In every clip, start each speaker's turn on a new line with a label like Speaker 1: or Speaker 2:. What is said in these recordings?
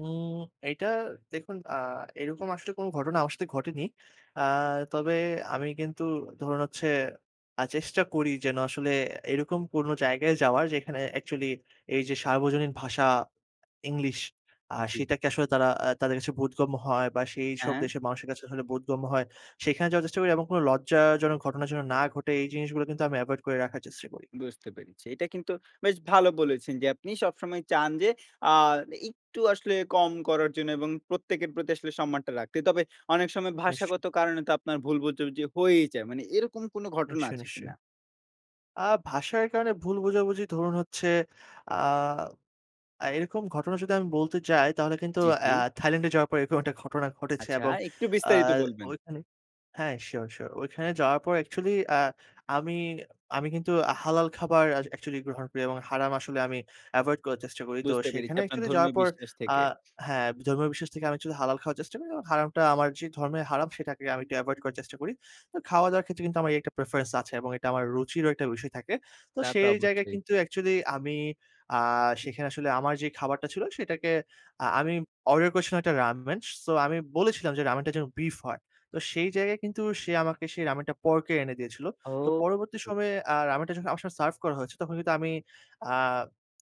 Speaker 1: উম এটা দেখুন আ এরকম আসলে কোন ঘটনা আমার সাথে ঘটেনি। আ তবে আমি কিন্তু ধরুন হচ্ছে আ চেষ্টা করি যেন আসলে এরকম কোনো জায়গায় যাওয়ার, যেখানে অ্যাকচুয়ালি এইযে সার্বজনীন ভাষা ইংলিশ আ
Speaker 2: জ্বী।
Speaker 1: সেটাকে আসলে তারা আ তাদের কাছে বোধগম্য হয় বা,
Speaker 2: আ
Speaker 1: সেইসব
Speaker 2: হ্যাঁ।
Speaker 1: দেশের মানুষের কাছে আসলে বোধগম্য হয়। সেখানে যাওয়ার চেষ্টা করি এবং কোন লজ্জাজনক ঘটনা যেন না ঘটে, এই জিনিসগুলো কিন্তু আমি এভয়েড করে রাখার চেষ্টা করি।
Speaker 2: বুঝতে পেরেছি। এটা কিন্তু বেশ ভালো বলেছেন যে, আপনি সবসময় চান যে আ একটু আসলে কম করার জন্য এবং প্রত্যেকের প্রতি আসলে সম্মানটা রাখতে। তবে, অনেক সময়
Speaker 1: নিশ্চয়।
Speaker 2: ভাষাগত কারণে তো আপনার ভুল বোঝাবুঝি হয়েই যায়। মানে এরকম কোন ঘটনা
Speaker 1: নিশ্চয়,
Speaker 2: আছে
Speaker 1: নিশ্চয়।
Speaker 2: কিনা?
Speaker 1: আ ভাষার কারণে ভুল বোঝাবুঝি ধরুন হচ্ছে আ আ এরকম ঘটনা যদি আমি বলতে চাই, তাহলে কিন্তু
Speaker 2: জ্বী,
Speaker 1: আ
Speaker 2: জ্বী।
Speaker 1: থাইল্যান্ডে যাওয়ার পরে এরকম একটা ঘটনা ঘটেছে
Speaker 2: আচ্ছা,
Speaker 1: এবং
Speaker 2: একটু
Speaker 1: আ
Speaker 2: বিস্তারিত বলবেন।
Speaker 1: ঐখানে হ্যাঁ, শিওর, শিওর। ঐখানে যাওয়ার পর অ্যাকচুয়ালি আ আমি আমি কিন্তু হালাল খাবার অ্যা অ্যাকচুয়ালি গ্রহণ করি এবং হারাম আসলে আমি এভয়েড করার চেষ্টা করি। তো
Speaker 2: বুঝতে পেরেছি
Speaker 1: সেখানে
Speaker 2: আপনার
Speaker 1: অ্যাকচুয়ালি যাওয়ার
Speaker 2: ধর্মীয়
Speaker 1: পর
Speaker 2: বিশ্বাস
Speaker 1: আ
Speaker 2: থেকে।
Speaker 1: হ্যাঁ, ধর্মীয় বিশ্বাস থেকে আমি অ্যাকচুয়ালি হালাল খাওয়ার চেষ্টা করি। যেন হারামটা আমার যে ধর্মের হারাম সেটাকে আমি একটু এভয়েড করার চেষ্টা করি। তো খাওয়া-দাওয়ার ক্ষেত্রে কিন্তু আমার এই একটা প্রেফারেন্স আছে। এটা আমার রুচিরও একটা বিষয় থাকে। তো
Speaker 2: তা তো
Speaker 1: সেই জায়গায়
Speaker 2: অবশ্যই।
Speaker 1: কিন্তু অ্যাকচুয়ালি আমি আ সেখানে আসলে আমার যে খাবারটা ছিল, সেটাকে আ আমি অর্ডার করেছিলাম ১ টা রামেন। সো আমি বলেছিলাম যে রামেনটা যেন বিফ হয়। তো সেই জায়গায় কিন্তু সে আমাকে রামেনটা পর্কের এনে দিয়েছিল। তো
Speaker 2: ও।
Speaker 1: পরবর্তী
Speaker 2: হু।
Speaker 1: সময়ে আ রামেনটা যখন আমার সাথে সার্ভ করা হয়েছে, তখন কিন্তু আমি আ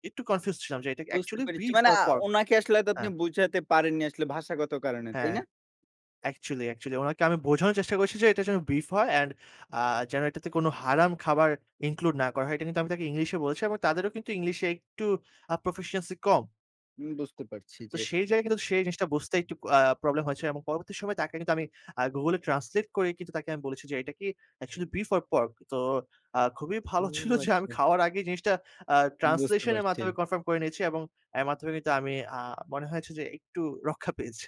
Speaker 1: একটু কনফিউজড ছিলাম যে এটা কি
Speaker 2: বুঝতে
Speaker 1: অ্যাকচুয়ালি
Speaker 2: পেরেছি।
Speaker 1: বিফ
Speaker 2: মানে
Speaker 1: ওর
Speaker 2: আ
Speaker 1: পর্ক?
Speaker 2: উনাকে আসলে হয়তো আপনি
Speaker 1: হ্যাঁ।
Speaker 2: বুঝাতে পারেননি আসলে ভাষাগত কারণে, তাই
Speaker 1: হ্যাঁ।
Speaker 2: না?
Speaker 1: Actually, actually. ওনাকে আমি বোঝানোর চেষ্টা করেছি যে এটা যেন বিফ হয় অ্যান্ড আ যেন এটাতে কোন হারাম খাবার ইনক্লুড না করা হয়। এটা কিন্তু আমি তাকে ইংলিশে বলেছি এবং তাদেরও কিন্তু ইংলিশে একটু আ proficiency কম।
Speaker 2: উম বুঝতে পারছি
Speaker 1: তো
Speaker 2: যে
Speaker 1: সেই জায়গায় কিন্তু সেই জিনিসটা বুঝতে একটু আ প্রবলেম হয়েছে এবং পরবর্তী সময়ে তাকে কিন্তু আমি আ Google এ ট্রান্সলেট করেই কিন্তু তাকে আমি বলেছি যে এটা কি অ্যাকচুয়ালি বিফ অর পর্ক? তো আ খুবই ভালো
Speaker 2: ও,
Speaker 1: ছিল যে আমি
Speaker 2: আচ্ছা।
Speaker 1: খাওয়ার আগেই জিনিসটা আ
Speaker 2: বুঝতে
Speaker 1: ট্রান্সলেশনের
Speaker 2: পারছি।
Speaker 1: মাধ্যমে কনফার্ম করে নিয়েছি এবং এর মাধ্যমে কিন্তু আমি আ মনে হয়েছে যে একটু রক্ষা পেয়েছি।